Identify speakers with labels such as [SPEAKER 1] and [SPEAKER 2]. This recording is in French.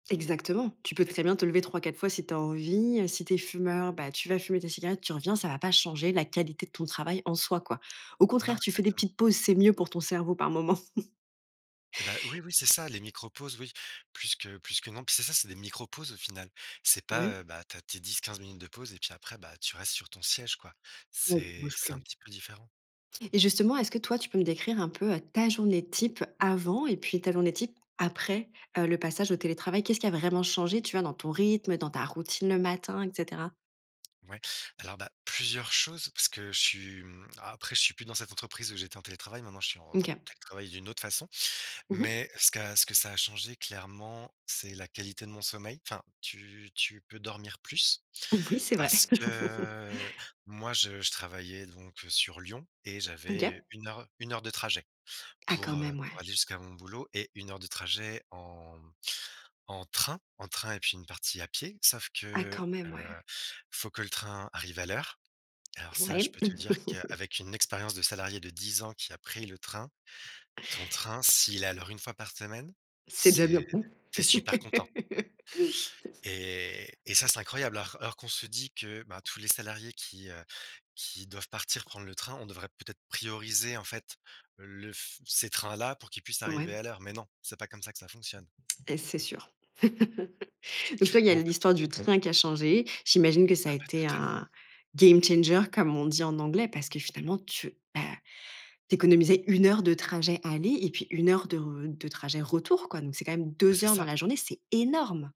[SPEAKER 1] Exactement. Tu peux très bien te lever 3-4 fois si tu as envie. Si tu es fumeur, bah, tu vas fumer tes cigarettes, tu reviens, ça va pas changer la qualité de ton travail en soi, quoi. Au
[SPEAKER 2] Non,
[SPEAKER 1] contraire, tu fais des
[SPEAKER 2] exactement.
[SPEAKER 1] petites pauses, c'est mieux pour ton cerveau, par moment.
[SPEAKER 2] Et bah, oui, oui, c'est ça les micro pauses, oui, puisque puisque non, puis c'est ça, c'est des micro pauses, au final. C'est pas,
[SPEAKER 1] Oui.
[SPEAKER 2] heu, bah, tu as tes 10-15 minutes de pause et puis après, bah, tu restes sur ton siège, quoi.
[SPEAKER 1] Oui, tu
[SPEAKER 2] C'est
[SPEAKER 1] bouges
[SPEAKER 2] c'est
[SPEAKER 1] plus,
[SPEAKER 2] un
[SPEAKER 1] oui.
[SPEAKER 2] petit peu différent.
[SPEAKER 1] Et justement, est-ce que toi, tu peux me décrire un peu ta journée type avant et puis, ta journée type après, heu, le passage au télétravail? Qu'est-ce qui a vraiment changé, tu vois, dans ton rythme, dans ta routine le matin et cetera?
[SPEAKER 2] Ouais. Alors, bah, plusieurs choses parce que je suis, hem, après je suis plus dans cette entreprise où j'étais en télétravail, maintenant je suis en
[SPEAKER 1] Mmh, OK.
[SPEAKER 2] télétravail d'une autre façon,
[SPEAKER 1] Mmh mh.
[SPEAKER 2] mais ce qui a ce que ça a changé clairement, c'est la qualité de mon sommeil. Enfin, tu tu peux dormir plus
[SPEAKER 1] Oui, c'est vrai.
[SPEAKER 2] parce que moi, je je travaillais donc, heu, sur Lyon et j'avais
[SPEAKER 1] OK.
[SPEAKER 2] 1 heure 1 heure de trajet
[SPEAKER 1] Ah,
[SPEAKER 2] pour,
[SPEAKER 1] quand
[SPEAKER 2] heu,
[SPEAKER 1] même, ouais.
[SPEAKER 2] pour aller jusqu'à mon boulot et 1 heure de trajet en en train en train et puis une partie à pied, sauf
[SPEAKER 1] Ah,
[SPEAKER 2] que,
[SPEAKER 1] quand même, ouais.
[SPEAKER 2] heu, faut que le train arrive à l'heure. Alors ça, je
[SPEAKER 1] Ouais.
[SPEAKER 2] peux te dire qu'avec une expérience de salarié de 10 ans qui a pris le train, ton train, s'il est à l'heure 1 fois par semaine,
[SPEAKER 1] C'est déjà bien.
[SPEAKER 2] c'est tu es super content. Et et ça, c'est incroyable. Or or qu'on se dit que, bah, tous les salariés qui, heu, qui doivent partir prendre le train, on devrait peut-être prioriser en fait, le f ces trains là pour qu'ils puissent arriver
[SPEAKER 1] Ouais.
[SPEAKER 2] à l'heure. Mais non, c'est pas comme ça que ça fonctionne.
[SPEAKER 1] Et c'est sûr. Donc toi, il y a
[SPEAKER 2] Donc
[SPEAKER 1] l'histoire du train qui a changé. J'imagine que ça a
[SPEAKER 2] Ah bah,
[SPEAKER 1] été
[SPEAKER 2] totalement.
[SPEAKER 1] un game changer comme on dit en anglais, parce que finalement tu, bah, tu économisais 1 heure de trajet aller et puis 1 heure de re de trajet retour, quoi. Donc c'est quand même
[SPEAKER 2] Bah,
[SPEAKER 1] 2
[SPEAKER 2] c'est
[SPEAKER 1] heures dans
[SPEAKER 2] ça.
[SPEAKER 1] la journée, c'est énorme!